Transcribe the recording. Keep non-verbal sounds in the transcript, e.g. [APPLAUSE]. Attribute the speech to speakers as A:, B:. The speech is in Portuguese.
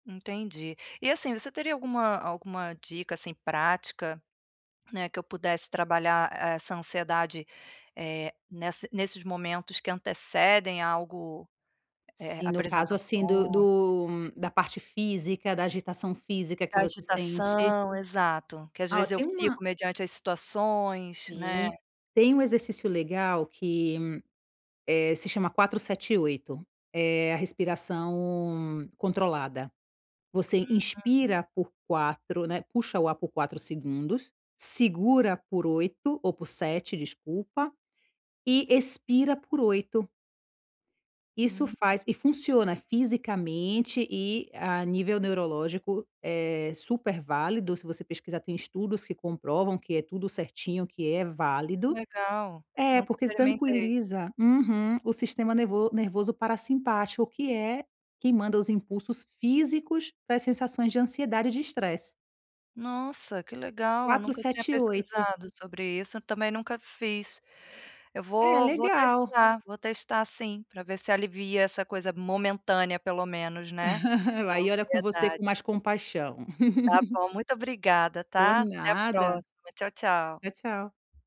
A: Entendi. E assim, você teria alguma alguma dica, assim, prática, né, que eu pudesse trabalhar essa ansiedade, eh, nessa nesses momentos que antecedem algo, eh,
B: Sim, no caso assim do
A: apresentações?
B: do da parte física, da agitação física que você sente?
A: Agitação, exato. Que às
B: Ah, ó,
A: vezes eu
B: tem
A: fico
B: uma
A: mediante as situações, né?
B: Sim. Tem um exercício legal que, eh, se chama 478. É a respiração controlada. Você
A: Uhum.
B: inspira por 4, né, puxa o ar por 4 segundos, segura por 8 o por 7 desculpa, e expira por 8. Isso
A: Hum.
B: faz e funciona, fisicamente e a nível neurológico é super válido. Se você pesquisar, tem estudos que comprovam que é tudo certinho, que é válido.
A: Legal.
B: É
A: Nunca
B: porque
A: experimentei.
B: tranquiliza uhum, o sistema nervo nervoso parassimpático que é quem manda os impulsos físicos para sensações de ansiedade e de estresse.
A: Nossa, que legal!
B: 4,
A: Nunca tinha
B: 7, 8.
A: pesquisado sobre isso, também nunca fiz. Eu
B: É,
A: vou vou
B: legal.
A: testar, vou testar sim, pra ver se alivia essa coisa momentânea pelo menos, né,
B: [LAUGHS]
A: da
B: La e olha com você
A: ansiedade.
B: com mais compaixão.
A: Está
B: [LAUGHS]
A: bom, muito obrigada,
B: Por
A: tá? Até a
B: nada.
A: próxima, tchau tchau.
B: Tchau, tchau.